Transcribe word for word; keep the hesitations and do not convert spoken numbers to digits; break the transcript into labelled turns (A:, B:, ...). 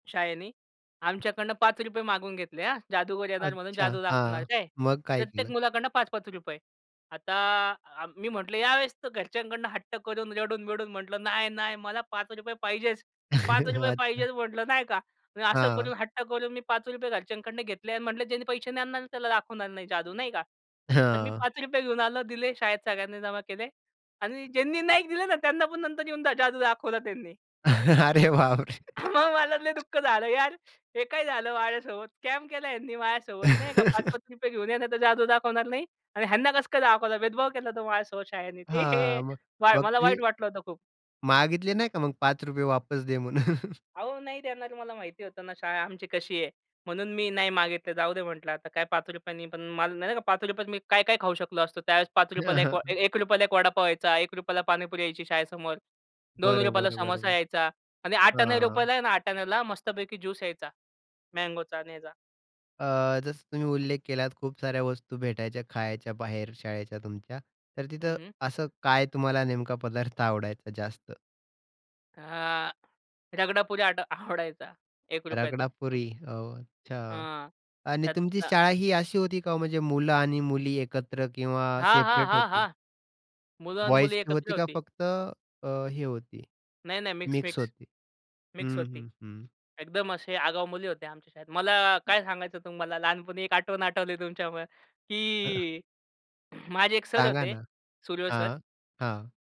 A: शाळेने, आमच्याकडनं पाच रुपये मागवून घेतले हा, जादूगर येणार म्हणून
B: अच्छा!
A: जादू दाखवणार
B: हां,
A: आहे काय?
B: मग काय
A: प्रत्येक
B: केलं?
A: मुलाकडनं पाच पाच रुपये आता अ, मी म्हटलं यावेळेस तर घरच्यांकडनं हट्ट करून रडून-बिडून म्हटलं, "नाही-नाही मला पाच रुपये पाहिजेच. पाच रुपये
B: अच्छा.
A: पाहिजे" म्हटलं नाही का? मी असं
B: हां.
A: करून हट्ट करून मी पाच रुपये घरच्यांकडनं घेतले अन् म्हटलं, "ज्यांनी पैसे नाही आणणार त्याला दाखवणार नाही जादू." नाही का? तर मी
B: हां.
A: पाच रुपये घेऊन आलं दिले शाळेत सगळ्यांनी जमा केले आणि ज्यांनी नाही दिलं ना त्यांना पण नंतर येऊन द जादू दाखवला त्यांनी.
B: अरे बापरे!
A: हां, मग मला तर लय दुःख झालं यार! हे काय झालं माझ्यासोबत? स्कॅम केला ह्यांनी माझ्यासोबत. नाही का? पाच, पाच पाच रुपये घेऊन या नाहीतर जादू दाखवणार नाही आणि ह्यांना कसं काय दाखवलं? भेदभाव केला होता माझ्यासोबत शाळनी, ते हे
B: हां, मग
A: वाई
B: मग
A: मला
B: ते
A: वाईट वाटलं होतं खूप.
B: मागितले नाही का मग? पाच रुपये वापस दे म्हणून.
A: अहो, नाही देणार मला माहिती होतं ना, शाळा आमची कशी आहे? म्हणून मी नाही मागितलं, जाऊदे म्हटलं आता काय पाच रुपयां नी पण मला नाही का, पाच रुपया त मी काय-काय खाऊ शकलो असतो? त्यावेळेस पाच
B: हे,
A: रुपया ला
B: हं,
A: एक व ए
B: हं.
A: एक रुपया ला एक वडापाव यायचा, एक रुपया ला पाणीपुरी यायची शाळेसमोर. दोन रुपया ला
B: बरोबर,
A: समोसा
B: बरोबर,
A: यायचा आणि आठाण्या
B: हां.
A: रुपयाला, आहे ना, आठाण्याला मस्तपैकी ज्यूस यायचा. मँगोचा आणि ह्याचा.
B: अ, जसं तुम्ही उल्लेख केलात खूप साऱ्या वस्तू भेटायच्या खायच्या बाहेर शाळेच्या तुमच्या. तर
A: हं,
B: तिथं
A: हं.
B: असं काय तुम्हाला नेमका पदार्थ आवडायचा जास्त?
A: हां, रगडापुरी आट आवडायचा, एक रुपया चा, हं.
B: रगडापुरी ओह! अच्छा
A: हां,
B: आणि तुमची
A: त्यांना.
B: शाळा ही अशी होती का हो? म्हणजे मुलं आणि मुली एकत्र किंवा
A: हां, हां,
B: सेपरेट
A: हां,
B: होती?
A: हां. मुलं आणि
B: बॉयीज
A: मुली
B: ची
A: एकत्र
B: होती का?
A: होती.
B: फक्त अ, हे होती,
A: नाही-नाही, मिक्स
B: मिक्स
A: मिक्स,
B: होती?
A: मिक्स
B: हं,
A: होती.
B: हं, हं.
A: एकदम असे आगाऊ मुली होत्या आमच्या शाळेत. मला काय सांगायचं तुम्हाला? लहानपणी एक आठवण आठवली तुमच्यामुळे,
B: हं.
A: की माझे एक सर
B: सांगा
A: होते,
B: ना?
A: सुर्वे सर.
B: हां, हां.